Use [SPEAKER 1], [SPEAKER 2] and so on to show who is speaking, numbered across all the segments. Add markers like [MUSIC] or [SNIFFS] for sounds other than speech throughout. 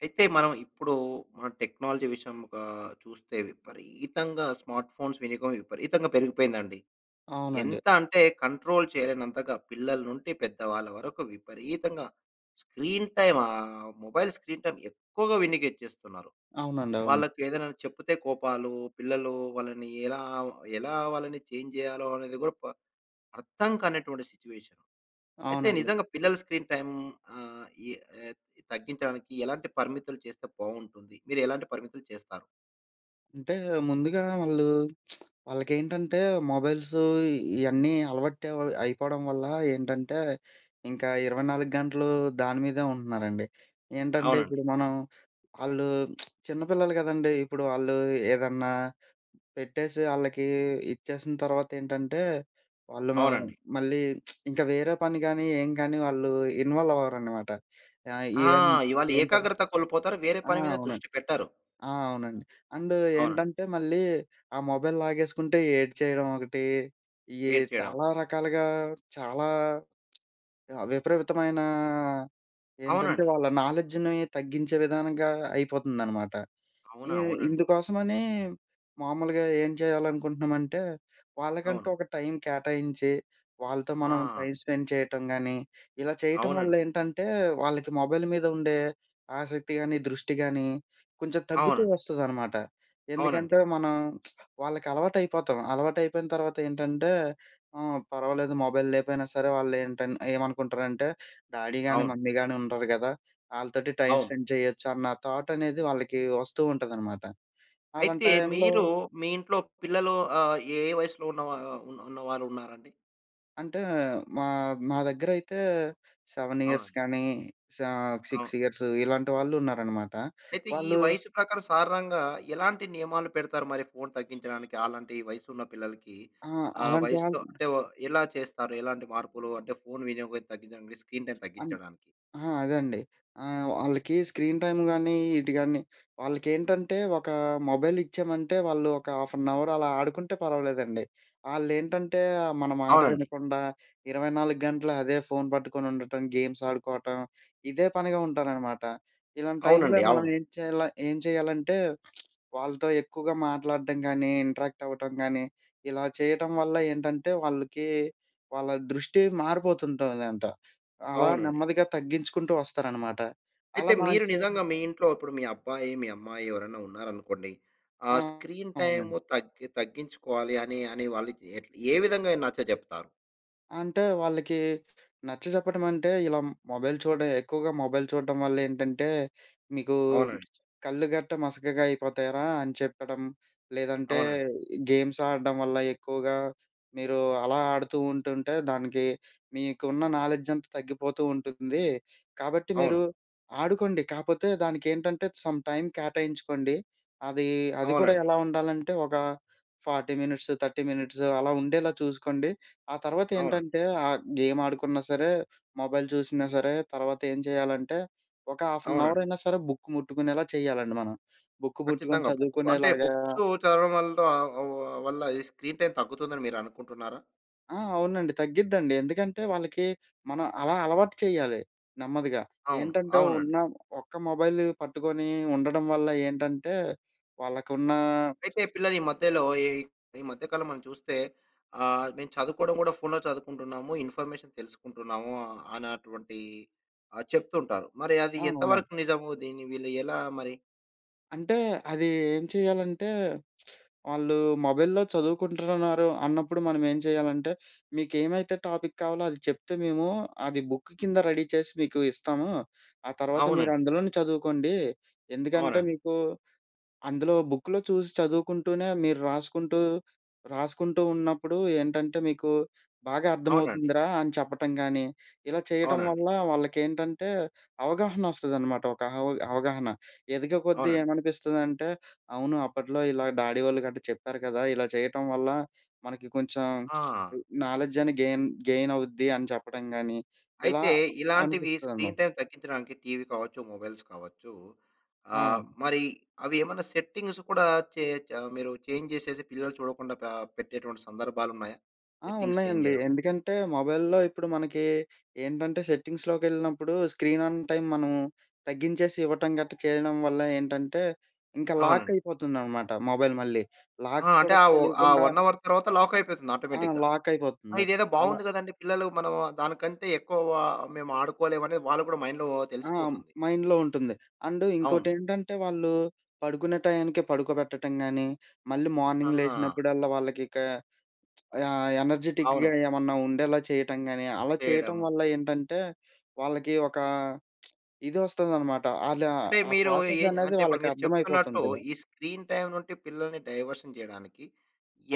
[SPEAKER 1] అయితే మనం ఇప్పుడూ, మన టెక్నాలజీ విషయం ఒకా, చూస్తే విపరీతంగా స్మార్ట్ ఫోన్స్ వినియోగం. విపరీతంగా పెరిగిపోయింది అండి.
[SPEAKER 2] అవునండి.
[SPEAKER 1] ఎంత అంటే కంట్రోల్ చేయలేనంతగా. పిల్లల నుండి పెద్ద వాళ్ళ వరకు విపరీతంగా screen time ah, mobile screen time ఎక్కువగా వినియోగించేస్తున్నారు.
[SPEAKER 2] అవునండి అవును.
[SPEAKER 1] వాళ్ళకి ఏదైనా చెప్తే కోపాలు. పిల్లలు వాళ్ళని ఎలా, ఎలా వాళ్ళని చేంజ్ జేయాలో అనేది గూడ ప అర్థం కానటువంటి సిట్యుయేషన్. అయితే
[SPEAKER 2] అవునండి.
[SPEAKER 1] నిజంగా పిల్లల స్క్రీన్ టైమ్ ఆహ్, ఇ ఏ తగ్గించడానికి ఎలాంటి పరిమితులు చేస్తే బావుంటుంది. మీరు ఎలాంటి పరిమితులు చేస్తారు?
[SPEAKER 2] అంటే ముందుగా వాళ్ళు [SMACKS LIPS] వాళ్ళకేంటంటే మొబైల్స్ ఇ ఇయన్నీ అలవాటు అ వ్ అయిపోవడం వల్ల ఏంటంటే, ఇంకా 24 గంటలు దాని మీదే ఉంటున్నారండి. ఏంటంటే
[SPEAKER 1] అవునండి.
[SPEAKER 2] ఇప్పుడు మనం ఆళ్ళు [SMACKS LIPS] చిన్న పిల్లలు కదండీ. ఇప్పుడు వాళ్ళు ఏదన్నా పెట్టేసి ఆళ్ళకి ఇచ్చేసిన తర్వాత ఏంటంటే, వాళ్ళు మ
[SPEAKER 1] అవునండి.
[SPEAKER 2] మళ్ళీ [SMACKS LIPS] ఇంక వేరే పని గానీ, ఏం గాని వాళ్ళు ఇన్వాల్వ్ అవ్వరనమాట. ఆహ్,
[SPEAKER 1] ఆ!
[SPEAKER 2] ఈవెన్
[SPEAKER 1] ఇవాళ
[SPEAKER 2] ఏంట
[SPEAKER 1] ఏకాగ్రత కోల్పోతారు. వేరే
[SPEAKER 2] ఆ!
[SPEAKER 1] పని మీద
[SPEAKER 2] అవునండి.
[SPEAKER 1] దృష్టి పెట్టరు.
[SPEAKER 2] ఆ! అవునండి. అండ్
[SPEAKER 1] అవునండి.
[SPEAKER 2] ఏంటంటే, మళ్ళీ ఆ మొబైల్ లాగేసుకుంటే ఏడ్చేయడం ఒకటి. ఈ
[SPEAKER 1] ఏడ్చేయడం.
[SPEAKER 2] చాలా రకాలుగా చాలా [SMACKS LIPS] ఆహ్, విపరీతమైనా ఏంటంటే,
[SPEAKER 1] అవునండి.
[SPEAKER 2] వాళ్ళ నాలెడ్జ్‌ని తగ్గించే విధానంగా అయిపోతుందనమాట.
[SPEAKER 1] అవునా?
[SPEAKER 2] ఇ
[SPEAKER 1] అవునండి.
[SPEAKER 2] ఇందుకోసమనీ మామూలుగా ఏం చేయాలనుకుంటున్నామంటే, వాళ్ళకంటూ
[SPEAKER 1] అవును.
[SPEAKER 2] ఒక టైం కేటాయించి. వాళ్ళతో మనం
[SPEAKER 1] ఆ!
[SPEAKER 2] టైం స్పెండ్ చేయటం గానీ. ఇలా చేయటం వల్ల
[SPEAKER 1] అవునండి.
[SPEAKER 2] ఏంటంటే, వాళ్ళకి మొబైల్ మీద ఉండే ఆసక్తి గాని, దృష్టి గానీ కొంచెం తగ్గుతూ
[SPEAKER 1] అవునండి.
[SPEAKER 2] వస్తదనమాట.
[SPEAKER 1] అవునండి.
[SPEAKER 2] ఎందుకంటే, మనం [SMACKS LIPS] వాళ్ళకి అలవాటు అయిపోతాం. అలవాటు అయిపోయిన తర్వాత ఏంటంటే ఆహ్, పర్వాలేదు. మొబైల్ లేకపోయినా సరే వాళ్ళేంటన్ ఏమనుకుంటారంటే, డాడీ గానీ,
[SPEAKER 1] అవును.
[SPEAKER 2] మమ్మీ గాని ఉండారు గదా! ఆళ్ళతోటి టైం
[SPEAKER 1] అవును.
[SPEAKER 2] స్పెండ్ చేయొచ్చు అన్న థాట్ అనేది వాళ్ళకి వస్తూ ఉంటాదనమాట. అలాంటి
[SPEAKER 1] అయితే
[SPEAKER 2] టైంలో
[SPEAKER 1] మీరు మీ ఇంట్లో పిల్లలు ఆహ్, ఏ ఏ వయసులో ఉన్న వా ఉన్నవాళ్ళు ఉన్నారండి?
[SPEAKER 2] అంటే మా, మా దగ్గర అయితే 7 ఇయర్స్
[SPEAKER 1] అవునండి.
[SPEAKER 2] కానీ సా
[SPEAKER 1] అవును.
[SPEAKER 2] 6 ఇయర్స్ ఇలాంటి వాళ్ళున్నారనమాట.
[SPEAKER 1] అయితే ఈ
[SPEAKER 2] వాళ్ళు
[SPEAKER 1] వయసు ప్రకారం సాధారణంగా ఎలాంటి నియమాలు పెడతారు మరి ఫోన్ తగ్గించడానికి. అలాంటి వయసు ఉన్న పిల్లలకి
[SPEAKER 2] ఆ!
[SPEAKER 1] ఆహ్,
[SPEAKER 2] అలాంటి వాళ్ళు
[SPEAKER 1] వయసుతో
[SPEAKER 2] వున్నా
[SPEAKER 1] అంటే ఎలా చేస్తారు? ఎలాంటి మార్పులు అంటే ఫోన్ వినియోగం తగ్గించడానికి స్క్రీన్ టైం
[SPEAKER 2] ఆ!
[SPEAKER 1] తగ్గించడానికి?
[SPEAKER 2] అదండి. ఆహ్, వాళ్ళకి స్క్రీన్ టైం కానీ ఇటు కాని వాళ్ళకేంటంటే ఒకా మొబైల్ ఇచ్చామంటే వాళ్ళొక హాఫ్ అన్ అవర్ అలా ఆడుకుంటే పర్వాలేదండి. వాళ్ళేంటంటే మన మాట
[SPEAKER 1] అవునండి.
[SPEAKER 2] వినకుండా 24 గంటలూ అదే ఫోన్ పట్టుకొనుండటం, గేమ్స్ ఆడుకోవటం ఇదే పనిగా ఉంటారనమాట. ఇలాంటి టైంలో
[SPEAKER 1] అవునండి. అవును.
[SPEAKER 2] మనమేం చేయాల ఏం చేయాలంటే [SMACKS LIPS] వాళ్ళతో ఎక్కువగా మాట్లాడటం కానీ, ఇంటరాక్ట్ అవ్వటం కానీ, ఇలా చేయటం వల్ల ఏంటంటే వాళ్ళకీ వాళ్ళ దృష్టి మారిపోతుంటదంట. అలా
[SPEAKER 1] అవునండి.
[SPEAKER 2] నెమ్మదిగా తగ్గించుకుంటూ వస్తారనమాట.
[SPEAKER 1] అయితే
[SPEAKER 2] అలా మనం
[SPEAKER 1] మీరు
[SPEAKER 2] చేయము.
[SPEAKER 1] నిజంగా మీ ఇంట్లో ఇప్పుడు మీ అబ్బాయి, మీ అమ్మాయి ఎవరైనా ఉన్నారనుకోండి? ఆ
[SPEAKER 2] ఆ!
[SPEAKER 1] స్క్రీన్ టైం
[SPEAKER 2] అవునండి.
[SPEAKER 1] తగ్గి తగ్గించుకోవాలి అనె అనే వాళ్ళకి ఏట్ల ఎ విధంగా నచ్చ చెప్తారు?
[SPEAKER 2] అంటే వాళ్ళకి నచ్చచెప్పడం అంటే, ఇలా మొ మొబైల్ చూడడం ఎక్కువగా మొబైల్ చూడడం వల్ల ఏంటంటే మీకు
[SPEAKER 1] అవునండి.
[SPEAKER 2] కళ్ళు గట్ట మసకగా అయిపోతాయిరా అని చెప్పడం. లేదంటే
[SPEAKER 1] అవునండి.
[SPEAKER 2] గేమ్స్ ఆడడం వల్ల ఎక్కువగా మీరు అలా ఆడుతూ ఉంటుంటే దానికి మీకున్న నాలెడ్జ్ అంతా తగ్గిపోతూ ఉంటుంది. కాబట్టి మీరు
[SPEAKER 1] అవును.
[SPEAKER 2] ఆడుకోండి, కాకపోతే దానికి ఏంటంటే సమ్‌టైమ్ కేటాయించుకోండి, అది, అది కూడా
[SPEAKER 1] అవునండి.
[SPEAKER 2] ఎలా ఉండాలంటే ఒక 40 మినిట్స్, 30 మినిట్స్ అలా ఉండేలా చూసుకోండి. ఆ తర్వాత
[SPEAKER 1] అవునండి.
[SPEAKER 2] ఏంటంటే, ఆ గేమ్ ఆడుకున్నా సరే మొబైల్ చూసినా సరే తర్వాత ఏం చేయాలంటే ఒక హాఫ్ ఎన్ అవర్
[SPEAKER 1] అవునండి.
[SPEAKER 2] అయినా సరే బుక్ ముట్టుకునేలా చేయాలండి. మనం బుక్ ముట్టుకొని
[SPEAKER 1] ఖచ్చితంగా. బుక్ అంటే
[SPEAKER 2] చదువుకునేలాగా
[SPEAKER 1] బుక్స్ చదవడం వల్ల వ్ వ్ వల్ల ఈ స్క్రీన్ టైమ్ తగ్గుతుందని మీరు అనుకుంటున్నారా?
[SPEAKER 2] ఆ! అవునండి తగ్గిద్దండి. ఎందుకంటే వాళ్ళకి మనం అలా అలవాటు చేయాలి నెమ్మదిగా.
[SPEAKER 1] అవును.
[SPEAKER 2] ఏంటంటే
[SPEAKER 1] అవునండి.
[SPEAKER 2] ఉన్న ఒక్క మొబైల్‌‌‌ని పట్టుకొని ఉండడం వల్ల ఏంటంటే వాళ్ళకున్న
[SPEAKER 1] అయితే
[SPEAKER 2] [SMACKS LIPS]
[SPEAKER 1] పిల్లలు ఈ మధ్యలో ఎ ఈ మధ్య కాలంలో మనం చూస్తే ఆహ్, మేము చదువుకోవడం కూడా ఫోన్‌లో చదువుకుంటున్నాము. ఇన్ఫర్మేషన్ తెలుసుకుంటున్నాము అన్నటువంటి ఆహ్, చెప్తుంటారు. మరి అది
[SPEAKER 2] ఆ! అవునండి.
[SPEAKER 1] ఎంతవరకు నిజము? దీన్ని వీళ్ళు ఎలా మరి
[SPEAKER 2] అంటే అది ఏం చేయాలంటే, [SMACKS LIPS] వాళ్ళు మొబైల్‌లో చదువుకుంటున్నారు అన్నప్పుడు మనం ఏం చేయాలంటే, [SNIFFS] మీకు ఏమైతే టాపిక్ కావాలో అది చెప్తే మేము, అది బుక్ కింద రెడీ చేసి మీకు ఇస్తాము. ఆ తర్వాత మీరు
[SPEAKER 1] అవునండి.
[SPEAKER 2] అందులోనే చదువుకోండి. ఎందుకంటే,
[SPEAKER 1] అవునండి.
[SPEAKER 2] మీకు అందులో బుక్‌లో చూసి చదువుకుంటూనే మీరు రాసుకుంటూ, రాసుకుంటూ ఉన్నప్పుడు ఏంటంటే మీకు బాగా
[SPEAKER 1] అవునండి.
[SPEAKER 2] అర్థమవుతుందిరా! అని చెప్పటం గానీ, ఇలా చేయటం
[SPEAKER 1] అవునండి.
[SPEAKER 2] వల్ల వాళ్ళకేంటంటే, అవగాహన వస్తదనమాట. ఒక అవ్ అవగాహన. [SNIFFS] ఎదిగేకొద్దీ
[SPEAKER 1] అవునండి.
[SPEAKER 2] ఏమనిపిస్తదంటే, అవును అప్పట్లో ఇలా డాడీ వోళ్ళు గట్ట చెప్పారు కదా! ఇలా చేయటం వల్ల మనకి కొంచెం
[SPEAKER 1] ఆ!
[SPEAKER 2] ఇ నాలెడ్జ్ అయిన గెయిన్, గెయిన్ అవుద్ది అని చెప్పడం గానీ ఇలా
[SPEAKER 1] అయితే, ఇలాంటివి స్క్రీన్
[SPEAKER 2] అనిపిస్తాదనమాట.
[SPEAKER 1] టైమ్ తగ్గించడానికి టీవీ కావచ్చు, మొబైల్స్ కావచ్చు. ఆహ్,
[SPEAKER 2] అవును.
[SPEAKER 1] మరి అవి ఏమైనా సెట్టింగ్స్ కూడా చేయచ్చ మీరు చేంజ్ చేసేసి పిల్లలు చూడకుండా పా పెట్టేటువంటి సందర్భాలున్నాయా?
[SPEAKER 2] ఆ!
[SPEAKER 1] సెట్టింగ్స్ చేంజ్
[SPEAKER 2] ఉన్నాయండి.
[SPEAKER 1] జేయడం.
[SPEAKER 2] ఎందుకంటే, మొబైల్‌లో ఇప్పుడు మనకి, ఏంటంటే సెట్టింగ్స్‌లోకి యెళ్ళినప్పుడు స్క్రీన్ ఆన్ టైమ్ మనం తగ్గించేసి ఇవ్వటం గట్ట చేయడం వల్ల ఏంటంటే, ఇంకా లాక్
[SPEAKER 1] అవునండి.
[SPEAKER 2] అయిపోతుందనమాట మొబైల్ మళ్ళీ. లాక్
[SPEAKER 1] ఆ! అంటే
[SPEAKER 2] కూడా
[SPEAKER 1] ఆవో ఆ
[SPEAKER 2] తెలియకుండా
[SPEAKER 1] 1 అవర్ తర్వాత లాక్ అయిపోతుంది
[SPEAKER 2] ఆ!
[SPEAKER 1] ఆటోమేటిక్‌గా.
[SPEAKER 2] లాక్
[SPEAKER 1] ఆ!
[SPEAKER 2] అయిపోతుంది.
[SPEAKER 1] ఇదేదో
[SPEAKER 2] అలా
[SPEAKER 1] బాగుంది గదండీ. పిల్లలు మనం దానికంటే ఎక్కువా, మేము ఆడుకోలేము అని వాళ్ళకి గూడా మైండ్‌లో
[SPEAKER 2] ఆ!
[SPEAKER 1] తెలిసిపోతుంది.
[SPEAKER 2] మైండ్‌లో ఉంటుంది. అండ్
[SPEAKER 1] అవును.
[SPEAKER 2] ఇంకోటేంటంటే వాళ్ళు, పడుకునే టయానికి పడుకోబెట్టటం గాని, మళ్ళీ మార్నింగ్
[SPEAKER 1] ఆహా!
[SPEAKER 2] లేచినప్పుడల్లా వాళ్ళకిక ఆహ్, ఎనర్జిటిక్‌గా
[SPEAKER 1] అవును.
[SPEAKER 2] ఏమన్నా ఉండేలా చేయటం గానీ, అలా చేయటం
[SPEAKER 1] చేయడము.
[SPEAKER 2] వల్ల ఏంటంటే, వాళ్ళకి ఒక [SMACKS LIPS] ఇది ఒస్తదనమాట. అలా
[SPEAKER 1] అంటే
[SPEAKER 2] ఆ
[SPEAKER 1] మీరు
[SPEAKER 2] ప్రాసెస్
[SPEAKER 1] ఏ
[SPEAKER 2] అనేది
[SPEAKER 1] అంటే ఇప్పుడు
[SPEAKER 2] వాళ్ళకి
[SPEAKER 1] మీరు చెప్తున్నట్టు,
[SPEAKER 2] అర్థమైపోతుంటది.
[SPEAKER 1] ఈ స్క్రీన్ టైమ్ నుంటి పిల్లల్ని డైవర్షన్ జేయడానికి,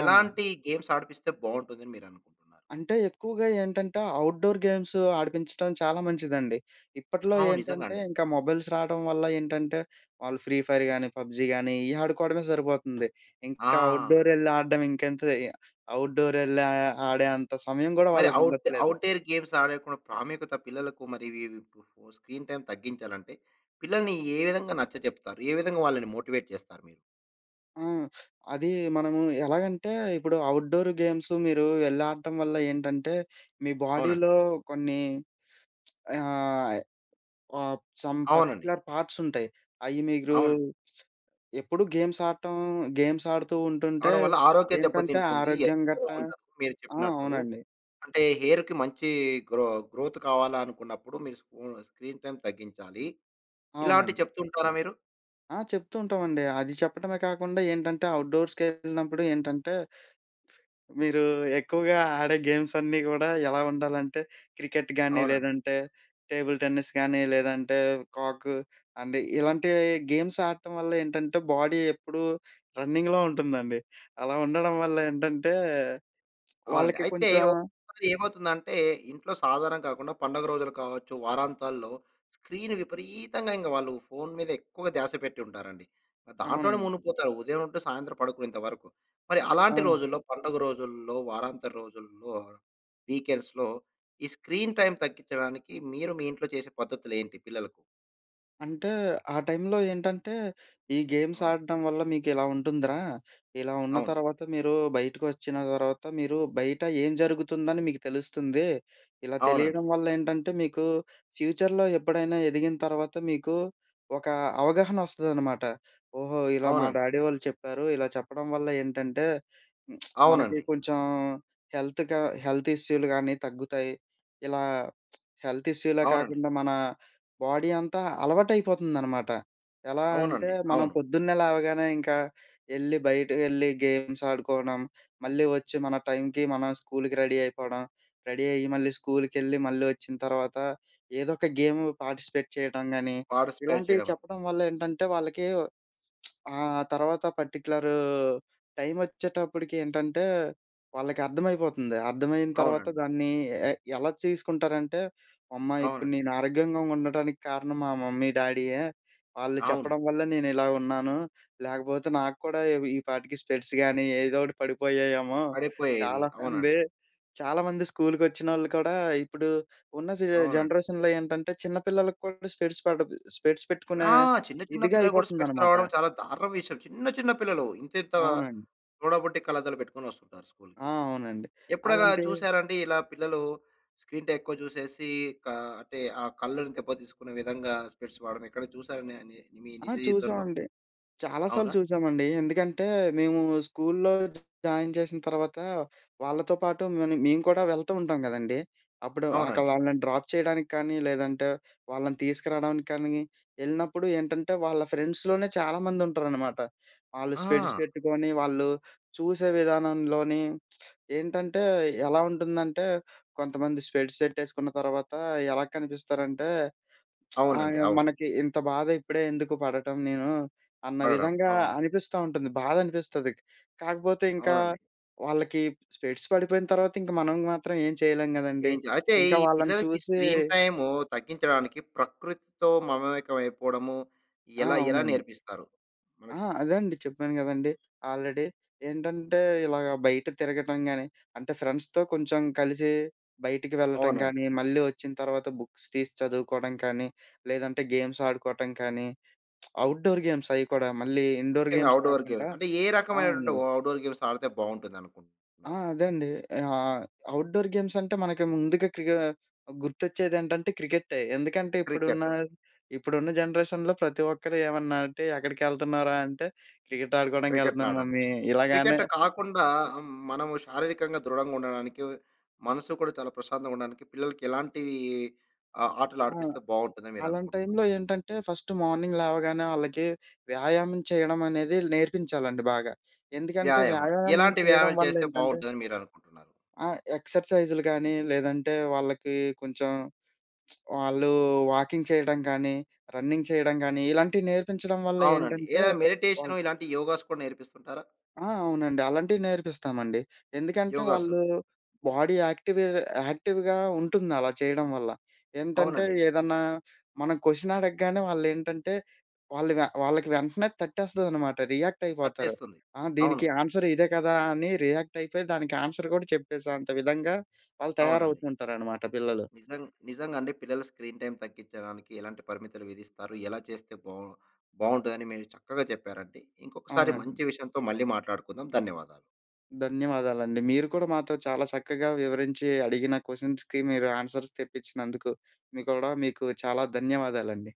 [SPEAKER 2] అవునండి.
[SPEAKER 1] ఎలాంటి గేమ్స్ ఆడిపిస్తే బావుంటాదని మీరు అనుకుంటున్నారు?
[SPEAKER 2] అంటే ఎక్కువగా ఏంటంటే, అవుట్‌డోర్ గేమ్సూ ఆడిపించటం చాలా మంచిదండి. [SNIFFS] ఇప్పట్లో
[SPEAKER 1] హౌ నిజంగా
[SPEAKER 2] ఏంటంటే,
[SPEAKER 1] అండి.
[SPEAKER 2] ఇంక మొబైల్స్ రావడం వల్ల ఏంటంటే, [SNIFFS] వాళ్ళు ఫ్రీఫైర్ గానీ, పబ్‌జి గానీ, ఇయ్యి ఆడుకోడమే సరిపోతుంది. ఇంకా
[SPEAKER 1] ఆ!
[SPEAKER 2] అవుట్‌డోర్ యెళ్లి ఆడడం ఇంకెంత, ఇ అవుట్‌డోర్ యెళ్ళే, ఆడే అంత సమయం గూడా
[SPEAKER 1] మరి
[SPEAKER 2] వాళ్ళకి
[SPEAKER 1] అవుట్
[SPEAKER 2] ఉండట్లేదు.
[SPEAKER 1] అవుట్‌డేర్ గేమ్స్ ఆడేకున్న ప్రాముఖ్యత పిల్లలకు మరి వి వి ఓ స్క్రీన్ టైమ్ తగ్గించాలంటే, పిల్లల్ని ఏ విధంగా నచ్చచెప్తారు? ఏ విధంగా వాళ్ళని మోటివేట్ చేస్తారు మీరు?
[SPEAKER 2] ఆ! [SNIFFS] అదీ మనము ఎలాగంటే, ఇప్పుడు ఔట్‌డొర్ గేమ్సు. మీరూ వెళ్ళాడటం వల్ల ఏంటంటే, మీ
[SPEAKER 1] అవునండి.
[SPEAKER 2] బాడీలో కొన్ని [TSK] ఆహ్, ఆహ్, సమ్
[SPEAKER 1] అవునండి.
[SPEAKER 2] పర్టిక్యులర్ పార్ట్స్ ఉంటాయి. అయి మీరూ
[SPEAKER 1] అవును.
[SPEAKER 2] ఎప్పుడు గేమ్స్ ఆడటం. గేమ్స్ ఆడుతూ ఉంటుంటే,
[SPEAKER 1] ఆడవాళ్ళ ఆరోగ్యం
[SPEAKER 2] ఏంటంటే
[SPEAKER 1] దెబ్బతింటుంది.
[SPEAKER 2] ఆరోగ్యం
[SPEAKER 1] ఎప్పుడు
[SPEAKER 2] గట్టా
[SPEAKER 1] వుండదు మీరు
[SPEAKER 2] ఆ!
[SPEAKER 1] చెప్పినట్టు.
[SPEAKER 2] అవునండి.
[SPEAKER 1] అంటే, హెయిర్‌కి మంచీ గ్రొ గ్రోత్ కావాలనుకున్నప్పుడు. మీరు స్క్రూ స్క్రీన్ టైమ్ తగ్గించాలి. ఇలాంటివి
[SPEAKER 2] అవునండి.
[SPEAKER 1] చెప్తూ ఉంటారా మీరు?
[SPEAKER 2] ఆ! చెప్తూ ఉంటామండి. అది చెప్పడమే కాకుండా ఏంటంటే, ఔట్‌డోర్స్‌కెళ్ళినప్పుడు ఏంటంటే, మీరూ ఎక్కువగా ఆడే గేమ్స్ అన్నీ గూడా ఎలా ఉండాలంటే, క్రికెట్‌గాని
[SPEAKER 1] అవునండి.
[SPEAKER 2] లేదంటే టేబుల్ టెన్నిస్ కానీ లేదంటే కాక్. అంటే ఇలాంటివి గేమ్స్ ఆడటం వల్ల ఏంటంటే, బాడీ ఎప్పుడూ రన్నింగ్‌లో ఉంటుందండి. అలా ఉండడం వల్ల ఏంటంటే, [TSK]
[SPEAKER 1] అవునండి.
[SPEAKER 2] వాళ్ళకి
[SPEAKER 1] అయితే
[SPEAKER 2] కొంచా
[SPEAKER 1] ఒకొసారి ఏమవుతుందంటే, ఇంట్లో సాధారణంగా కాకుండా పండుగ రోజులు కావచ్చు వారాంతాల్లో. స్క్రీన్ విపరీతంగా ఇంగ వాళ్ళు ఫోన్ మీద ఎక్కువగా ధ్యాస పెట్టి ఉంటారండి. దాంట్లోనే
[SPEAKER 2] అవునండి.
[SPEAKER 1] మునిగిపోతారు. ఉదయం ఉంటే సాయంత్రం పడుకునేంత వరకు. మరి అలాంటి
[SPEAKER 2] అవును.
[SPEAKER 1] రోజుల్లో, పండుగ రోజుల్లో, వారాంతర రోజుల్లో, వీకెండ్స్‌లో. ఈ స్క్రీన్ టైమ్ తగ్గించడానికి మీరు మీ ఇంట్లో చేసే పద్ధతులేంటి పిల్లలకు?
[SPEAKER 2] అంటే ఆ టైంలో ఏంటంటే, ఈ గేమ్స్
[SPEAKER 1] అవును.
[SPEAKER 2] ఆడడం వల్ల మీకు ఇలా ఉంటుందిరా! ఇలా ఉన్న
[SPEAKER 1] అవును.
[SPEAKER 2] తర్వాత మీరు బయటకు ఒచ్చిన తర్వాత మీరు బయట ఏం జరుగుతుందని మీకు తెలుస్తుంది. ఇలా
[SPEAKER 1] అవునండి.
[SPEAKER 2] తెలియడం వల్ల ఏంటంటే మీకు ఫ్యూచర్‌‌లో ఎప్పుడైనా ఎదిగిన తర్వాత మీకు, ఒక అవగాహన ఒస్తదనమాట. ఓహో! ఇలా మా
[SPEAKER 1] అవునండి.
[SPEAKER 2] డాడీ వోళ్ళు చెప్పారు ఇలా చెప్పడం వల్ల ఏంటంటే [SMACKS LIPS] మనకి
[SPEAKER 1] అవునండి.
[SPEAKER 2] కొంచెం హెల్త్‌క హెల్త్ ఇష్యూలు గానీ తగ్గుతాయి. ఇలా [SMACKS LIPS] హెల్త్ ఇష్యూలే
[SPEAKER 1] అవునండి.
[SPEAKER 2] కాకుండా మన బాడీ అంతా అలవాటు అయిపోతుందనమాట. ఎలా అంటే
[SPEAKER 1] అవునండి,
[SPEAKER 2] మనం
[SPEAKER 1] అవును.
[SPEAKER 2] పొద్దున్నే లేవగానే, ఇంకా ఎళ్లి బయటకి ఎళ్లి గేమ్స్ ఆడుకోవడం, మళ్ళీ ఒచ్చి మన టైంకి మనం స్కూల్‌కి రెడీ అయిపోవడం. రెడీ అయ్యి మళ్ళీ స్కూల్‌కి ఎళ్లి మళ్ళీ ఒచ్చిన తర్వాత ఏదో ఒక గేము పార్టిసిపేట్ చేయటం గానీ,
[SPEAKER 1] పార్టిసిపేట్
[SPEAKER 2] ఇలాంటివి
[SPEAKER 1] చేయడము.
[SPEAKER 2] చెప్పడం వల్ల ఏంటంటే, వాళ్ళకి‌ వ్ [SMACKS LIPS] ఆ! తర్వాత పర్టిక్యులర్ టైమ్ ఒచ్చేటప్పటికి ఏంటంటే వాళ్ళకి అర్థమైపోతుంది. అర్థమయిన తర్వాత
[SPEAKER 1] అవునండి.
[SPEAKER 2] దాన్ని ఎ ఎలా తీసుకుంటారంటే "అమ్మ! ఇప్పుడు
[SPEAKER 1] అవునండి.
[SPEAKER 2] నేను ఆరోగ్యంగా ఉండటానికి కారణం మా మమ్మీ, డాడీ‌యె. వాళ్ళు
[SPEAKER 1] అవును.
[SPEAKER 2] చెప్పడం వ‌ల్లే నేను ఇలా ఉన్నాను. లేకపోతే నాకు కూడా ఇవి ఈపాటికి స్పెక్స్ గాని ఏదో ఒకటి పడిపోయాయమో" [GIGGLES]
[SPEAKER 1] పడిపోయేది.
[SPEAKER 2] చాలా
[SPEAKER 1] అవునండి.
[SPEAKER 2] మంది చాలామంది స్కూల్‌కి ఒచ్చినోళ్ళు కూడా ఇప్పుడు ఉన్న సీ ఆహ్,
[SPEAKER 1] అవునండి.
[SPEAKER 2] జనరేషన్‌లో ఏంటంటే చిన్న పిల్లలకు కూడా స్పెక్స్ పడద్ స్పెక్స్ పెట్టుకునే
[SPEAKER 1] ఆ! చిన్న చిన్న
[SPEAKER 2] ఇదిగా
[SPEAKER 1] పిల్లలకు కూడా స్పెక్స్
[SPEAKER 2] అయిపోతుందనమాట.
[SPEAKER 1] రావడం చాలా దారుణం విషయం. చిన్న చిన్న పిల్లలు ఇంత ఇంత
[SPEAKER 2] అవునండి.
[SPEAKER 1] సొడబుట్టి కళ్లద్దాలు పెట్టుకొని ఒస్తుంటారు
[SPEAKER 2] ఆ!
[SPEAKER 1] స్కూల్‌కి.
[SPEAKER 2] అవునండి.
[SPEAKER 1] ఎప్పుడైనా
[SPEAKER 2] అలాంటి
[SPEAKER 1] చూసారా అండి, ఇలా పిల్లలు స్క్రీన్‌టైమ్ ఎక్కువ చూసేసి క అంటే ఆ కళ్ళని దెబ్బతీసుకునే విధంగా స్పెక్స్ వాడడం ఎక్కడైనా చూసారా? నే నే మీ
[SPEAKER 2] ఆ!
[SPEAKER 1] నిజ జీవితంలో?
[SPEAKER 2] చూసామండి. చాలా సార్లు
[SPEAKER 1] అవునా?
[SPEAKER 2] చూసామండి. ఎందుకంటే మేము స్కూల్‌లో [UNINTELLIGIBLE] జాయిన్ చేసిన తర్వాత వాళ్ళతో పాటు మని మేము కూడా వెళ్తూ ఉంటాం గదండీ! అప్పుడు అక్కడ
[SPEAKER 1] అవునండి.
[SPEAKER 2] వాళ్ళని డ్రాప్ చేయడానికి కానీ, లేదంటే వాళ్ళని తీసుకురావడానికి కానీ ఎళ్ళినప్పుడు ఏంటంటే వాళ్ళ ఫ్రెండ్స్‌లోనే చాలామంది ఉంటారనమాట. ఆళ్ళు స్పెక్స్
[SPEAKER 1] ఆ!
[SPEAKER 2] పెట్టుకొని వాళ్ళు చూసే విధానంలో‌ని [SMACKS LIPS] ఏంటంటే ఎలా ఉంటుందంటే కొంతమంది స్పెక్స్ ఎట్టేసుకున్న తర్వాత ఎలా కనిపిస్తారంటే, [SMACKS LIPS]
[SPEAKER 1] అవునండి,
[SPEAKER 2] అయ
[SPEAKER 1] అవును.
[SPEAKER 2] మనకి ఇంత బాధ ఇప్పుడే ఎందుకు పడటం నేను, అన్న
[SPEAKER 1] పడడం.
[SPEAKER 2] విధంగా
[SPEAKER 1] అవును.
[SPEAKER 2] అనిపిస్త ఉంటది బాధ అనిపిస్తది. కాకపోతే ఇంకా
[SPEAKER 1] అవునండి.
[SPEAKER 2] వాళ్ళకి స్పెక్స్ పడిపోయిన తర్వాత, ఇంకా మనం మాత్రం ఏం చేయలేం గదండీ!
[SPEAKER 1] ఏంచే అయితే
[SPEAKER 2] ఇంకా
[SPEAKER 1] ఈ
[SPEAKER 2] వాళ్ళని
[SPEAKER 1] పిల్లలకి
[SPEAKER 2] చూసి
[SPEAKER 1] స్క్రీన్‌టైము తగ్గించడానికి ప్రకృతితో మమేకం అయిపోవడము
[SPEAKER 2] ఆ!
[SPEAKER 1] ఎలా ఎలా
[SPEAKER 2] అవునండి.
[SPEAKER 1] నేర్పిస్తారు?
[SPEAKER 2] ఆ!
[SPEAKER 1] మనకు.
[SPEAKER 2] అదే అండి చెప్పాను గదండీ! ఆల్రెడీ ఏంటంటే ఇలాగ బయట తిరగటం గాని, అంటే ఫ్రెండ్స్‌తో కొంచెం కలిసి బయటికి వెళ్ళటం
[SPEAKER 1] అవునండి.
[SPEAKER 2] గానీ, మళ్ళీ ఒచ్చిన తర్వాత బుక్స్ తీసి చదువుకోవడం కానీ లేదంటే గేమ్స్ ఆడుకోవటం కానీ, [SMACKS LIPS] అవుట్‌డోర్ గేమ్స్ అవి కూడా మళ్ళీ ఇండోర్
[SPEAKER 1] ముఖ్యంగా
[SPEAKER 2] గేమ్స్
[SPEAKER 1] అవుట్‌డోర్ గేమ్.
[SPEAKER 2] కాకుండా
[SPEAKER 1] అంటే ఏ
[SPEAKER 2] ఆ!
[SPEAKER 1] రకమైనటువంటి ఓ
[SPEAKER 2] అవునండి.
[SPEAKER 1] అవుట్‌డోర్ గేమ్స్ ఆడితే బాగుంటుంది
[SPEAKER 2] ఆ!
[SPEAKER 1] అనుకుంటున్నారు?
[SPEAKER 2] అదే అండి. ఆహ్, అవుట్‌డోర్ గేమ్స్ అంటే మనకి ముందుగా క్రి‌క్ గుర్తొచ్చేది ఏంటంటే క్రికె‌టె. ఎందుకంటే ఇప్పుడున్న,
[SPEAKER 1] క్రికెటు.
[SPEAKER 2] ఇప్పుడున్న జనరేషన్‌లో ప్రతి ఒక్కరు ఏమన్నంటే ఎక్కడికి ఎళ్తున్నావురా? అంటే "క్రికెట్ ఆడుకోవడానికి
[SPEAKER 1] క్రికెట్‌ని
[SPEAKER 2] ఎళ్తున్నాను
[SPEAKER 1] ఆడడానికి.
[SPEAKER 2] మమ్మీ" ఇలాగానే
[SPEAKER 1] క్రికెట్ కాకుండా ఆహ్, మనము శారీరకంగా దృడంగా ఉండడానికి, మనసు కూడా చాలా ప్రశాంతంగా ఉండడానికి పిల్లలకి ఎలాంటి ఆహ్, ఆటలు
[SPEAKER 2] ఆ!
[SPEAKER 1] ఆడిపిస్తే బాగుంటుంది అని మీరు
[SPEAKER 2] అలాంటి
[SPEAKER 1] అనుకుంటున్నారు?
[SPEAKER 2] టైంలో ఏంటంటే ఫస్ట్ మార్నింగ్ లేవగానే ఆళ్ళకి 'వ్యాయామం' చేయడం అనేది నేర్పించాలండి బాగా. ఎందుకంటే
[SPEAKER 1] వ్యాయామాలు.
[SPEAKER 2] వ్యాయామం
[SPEAKER 1] ఎలాంటి
[SPEAKER 2] చేయడం
[SPEAKER 1] వ్యాయామాలు
[SPEAKER 2] వల్ల
[SPEAKER 1] చేస్తే
[SPEAKER 2] ఏంటంటే
[SPEAKER 1] బాగుంటుంది అని మీరు అనుకుంటున్నారు?
[SPEAKER 2] ఆ! ఎక్సర్సైజ్‌లు గానీ లేదంటే వాళ్ళకి కొంచెం [SMACKS LIPS] వాళ్ళు వాకింగ్ చేయడం కానీ, రన్నింగ్ చేయడం గానీ ఇలాంటివి నేర్పించడం వల్ల
[SPEAKER 1] అవునండి.
[SPEAKER 2] ఏంటంటే
[SPEAKER 1] ఏదైనా
[SPEAKER 2] వాళ్
[SPEAKER 1] మెడిటేషను ఇలాంటి యోగాస్ కూడా నేర్పిస్తుంటారా?
[SPEAKER 2] ఆ! అవునండి. అలాంటివి నేర్పిస్తామండి. ఎందుకంటే
[SPEAKER 1] యోగాసు.
[SPEAKER 2] వాళ్ళు బాడీ యాక్టివే యాక్టివ్‌గా ఉంటుంది. అలా చేయడం వల్ల. ఏంటంటే
[SPEAKER 1] అవునండి.
[SPEAKER 2] ఏదన్నా మనం క్వషన్ అడగగానే వాళ్ళు ఏంటంటే వాళ్ళుగ వాళ్ళకి వెంటనే తట్టేస్తుందనమాట. రియాక్ట్ అయిపోతారు.
[SPEAKER 1] కట్టేస్తుంది.
[SPEAKER 2] ఆ!
[SPEAKER 1] అవును.
[SPEAKER 2] "దీనికి ఆన్సర్ ఇదే కదా!" అని రియాక్ట్ అయిపోయి దానికి ఆన్సర్ గూడా చెప్పేసే అంత విధంగా వాళ్ళు
[SPEAKER 1] అవునండి.
[SPEAKER 2] తయారవుతూ ఉంటారనమాట, పిల్లలు.
[SPEAKER 1] నిజంగ్ నిజంగా అండి పిల్లల స్క్రీన్ టైమ్ తగ్గించడానికి ఎలాంటి పరిమితులు విధిస్తారు? ఎలా చేస్తే బా బావుంటదిని మీరు చక్కగా చెప్పారండి. ఇంకొకసారి
[SPEAKER 2] అవునండి.
[SPEAKER 1] మంచి విషయంతో మళ్ళీ మాట్లాడుకుందాం. ధన్యవాదాలు.
[SPEAKER 2] ధన్యవాదాలండి. మీరు కూడా మాతో చాలా చక్కగా వివరించి అడిగిన క్వషన్స్‌కి మీరు ఆన్సర్స్ తెప్పించినందుకు. మీకూడా మీకు చాలా ధన్యవాదాలండి.